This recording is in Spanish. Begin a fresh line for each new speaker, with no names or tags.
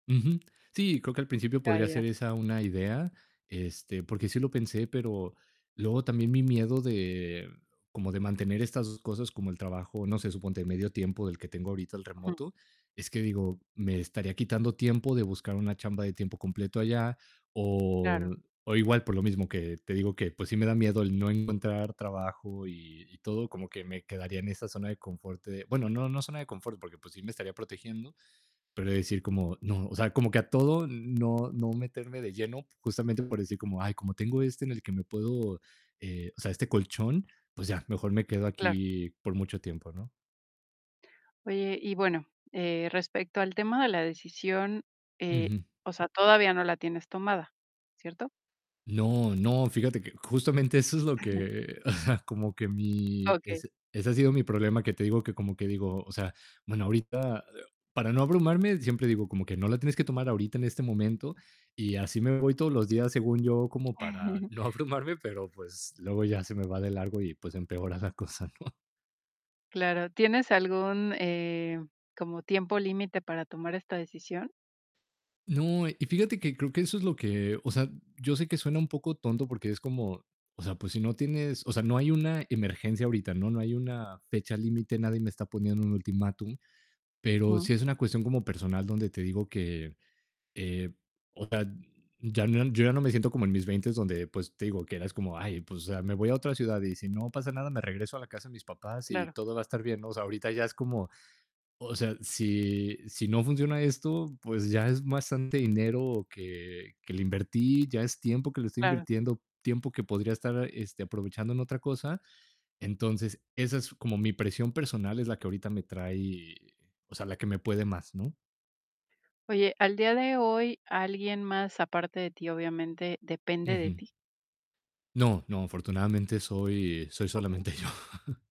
Ujú. Sí, creo que al principio
Ya
podría
ya.
ser esa una idea, este, porque sí lo pensé, pero luego también mi miedo de, como de mantener estas 2 cosas como el trabajo, no sé, suponte medio tiempo del que tengo ahorita el
Ujú.
remoto, es que digo, me estaría quitando tiempo de buscar una chamba de tiempo completo allá,
Claro.
o o igual por lo mismo que te digo que pues sí, me da miedo el no encontrar trabajo y y todo, como que me quedaría en esa zona de confort de, bueno, no no zona de confort, porque, pues sí, me estaría protegiendo, pero de decir como no, o sea, como que a todo no no meterme de lleno justamente por decir como, ay, como tengo este en el que me puedo, eh, o sea, este colchón, pues, ya mejor me quedo
Claro.
aquí por mucho tiempo, ¿no?
Oye, y bueno, eh, respecto al tema de la decisión, eh,
Ujú.
o sea, todavía no la tienes tomada, ¿cierto?
No, no, fíjate que justamente eso es lo que como que mi
Okey.
es-ese ha sido mi problema, que te digo que como que digo, o sea, bueno, ahorita para no abrumarme siempre digo como que no la tienes que tomar ahorita en este momento y así me voy todos los días, según yo, como para no abrumarme pero pues, luego ya se me va de largo y pues, empeora la cosa, ¿no?
Claro, ¿tienes algún, eh, como tiempo límite para tomar esta decisión?
No, y fíjate que creo que eso es lo que, o sea, yo sé que suena un poco tonto porque es como, o sea, pues si no tienes o sea, no hay una emergencia ahorita, ¿no? No hay una fecha límite, nadie me está poniendo un ultimátum, pero sí es una cuestión como personal donde te digo que, eh, o sea, ya no yo ya no me siento como en mis 20 donde, pues, te digo que eras como: "Ay, pues, o sea, me voy a otra ciudad y si no pasa nada me regreso a la casa de mis papás y
Claro.
todo va a estar bien". No, o sea, ahorita ya es como, o sea, si si no funciona esto, pues, ya es bastante dinero que que le invertí, ya es tiempo que le estoy
Claro.
invirtiendo, tiempo que podría estar, este, aprovechando en otra cosa. Entonces, esa es como mi presión personal, es la que ahorita me trae, o sea, la que me puede más, ¿no?
Oye, al día de hoy, ¿alguien más aparte de ti, obviamente, depende de
Ujú.
ti?
No, no, afortunadamente soy soy
Okey.
solamente yo.